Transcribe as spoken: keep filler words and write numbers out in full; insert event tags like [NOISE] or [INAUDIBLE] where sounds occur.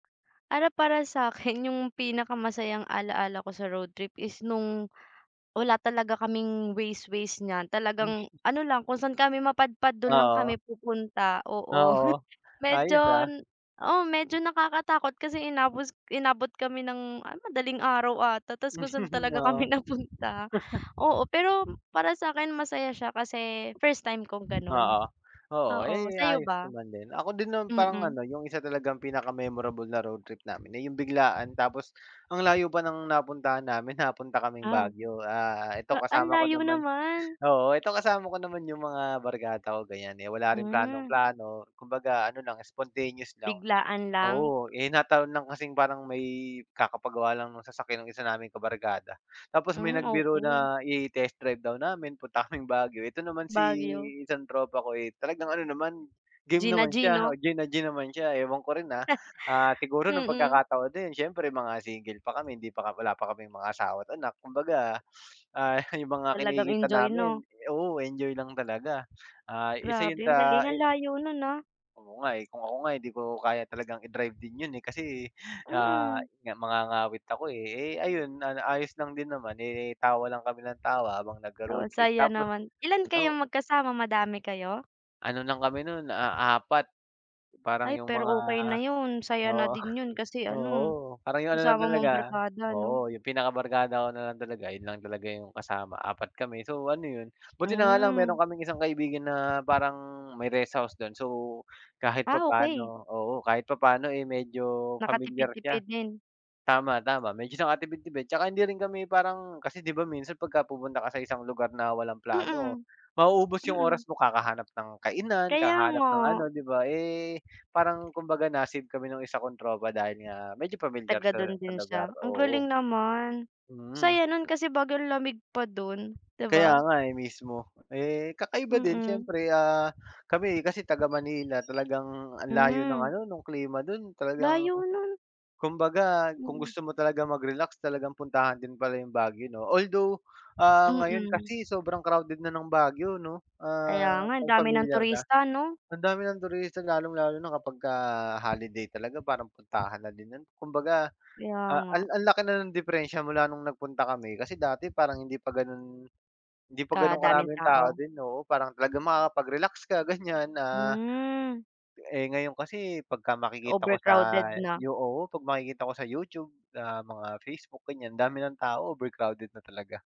Para para sa'kin 'yong pinaka masayang ala-ala ko sa road trip is no'ng, wala talaga kaming Waze-Waze niyan, Waze talagang, na. ano lang, kung saan kami mapadpad do'n lang Oo. kami pupunta. Oo, [CHUCKLES] Oo. Ayos, medyo ah. n oo, medyo nakakatakot kasi inabos inabot kami ng, ah, madaling araw ata, tas kung saan talaga [CHUCKLES] kami Oo. napunta. Oo, pero, [CHUCKLES] para sa'kin masaya siya kasi first time kong gano'n. Oo. Oo, Oo, eh, sayo ayos ba? naman din. Ako din naman parang Mm. ano, 'yong isa talagang pinaka-memorable na road trip namin, eh, 'yong biglaan tapos ang layo pa ng napuntahan namin, napunta kaming Aw. Baguio. Ah, ito Ta ang kasama ko layo naman naman. oo, ito kasama ko naman 'yong mga barkada ko ganiyan, eh, wala rin Hmm. planong-plano, kumbaga ano lang, spontaneous lang. Biglaan lang. Oo, eh, nataon lang kasing parang may kakapagawa lang ng sasakyan ng isa naming kabarkada, tapos may Hmm, nagbiro okay. na i-test drive daw namin, punta kaming Baguio. Ito naman si Baguio. isang tropa ko, eh, talagang ano naman, game G na naman g, siya, o 'no. G na G naman siya. Ewan ko rin, ah, [CHUCKLES] siguro no'ng Mm. pagkakataon din, siyempre mga single pa kami, hindi pa ka wala pa kaming mga asawa at anak, kumbaga, ah, 'yong mga Talagang kinikita enjoy, namin, 'no. eh oo, enjoy lang talaga. Ah, isa 'yon Grabe, ang sa galing. Ang i layo no'n, ah. Oo nga, eh. Kung ako nga hindi ko kaya talagang i-drive din 'yon, eh, kasi, ah, Mm. 'yon nga, mangangawit ako, eh. Eh, ayun, na na ayos lang din naman, eh, tawa lang kami ng tawa habang Oo, nagro-road trip. saya Tapos, naman. Ilan kayong o magkasama, madami kayo? Ano lang kami no'n, ah, apat. Parang Ay 'yong pero, mga, okay na 'yon, saya na oo, din 'yon. Kasi oo, ano, parang 'yong ano lang kasama mo ang talaga, barkada, 'no. oo, 'yong pinaka-barkada ko na lang talaga, 'yon lang talaga 'yong kasama, apat kami. So, ano 'yon buti na nga lang, meron Hmm. kaming isang kaibigan na parang may rest house do'n, so, kahit Ah, okay. papaano, oo, kahit papaano, eh, medyo familiar siya. Nakatipid-tipid din. Tama, tama, medyo sa nakatipid-tipid 'tsaka hindi rin kami parang kasi, 'di ba, minsan pagka pupunta ka sa isang lugar na walang plano, Mm. mauubos 'yong oras Mm. mo kakahanap ng kainan, Kaya kakahanap nga. ng ano, 'di ba. Eh, parang kumbaga na-save kami no'ng isa kong tropa dahil nga medyo pamilyar Taga siya do'n sa din lugar, siya. Ang galing oo. naman. Mm. Saya no'n kasi Baguio ang lamig pa do'n, 'di Kaya ba. nga, eh, mismo. Eh, kakaiba din, Mm. siyempre, ah, kami kasi taga-Manila talagang ang layo ng Hmm. ano, no'ng klima do'n. Talagang, Layo no'n. kumbaga kung Mm. gusto mo talaga mag-relax, talagang puntahan din pala 'yong Baguio, 'no. Although, ah, ngayon Mm. kasi sobrang crowded na ng Baguio, 'no. Kaya Ah, nga, ang kung dami ng familiar ka, turista, 'no? ang dami ng turista lalong-lalo na kapagka holiday talaga, parang puntahan na din 'yon. Kumbaga, Kaya a nga. an ang laki na ng diperensiya mula noong nagpunta kami kasi dati parang hindi pa gano'n 'di pa gano'n Kadaming karami 'yong tao tao. din, oo. Parang, talaga makakapag-relax ka, ganiyan, ah, Hmm. eh, ngayon kasi pagka makikita ko sa Overcrowded na. Yo oo, pag makikita ko sa YouTube, ah, mga Facebook, ganiyan, ang dami ng tao, overcrowded na talaga.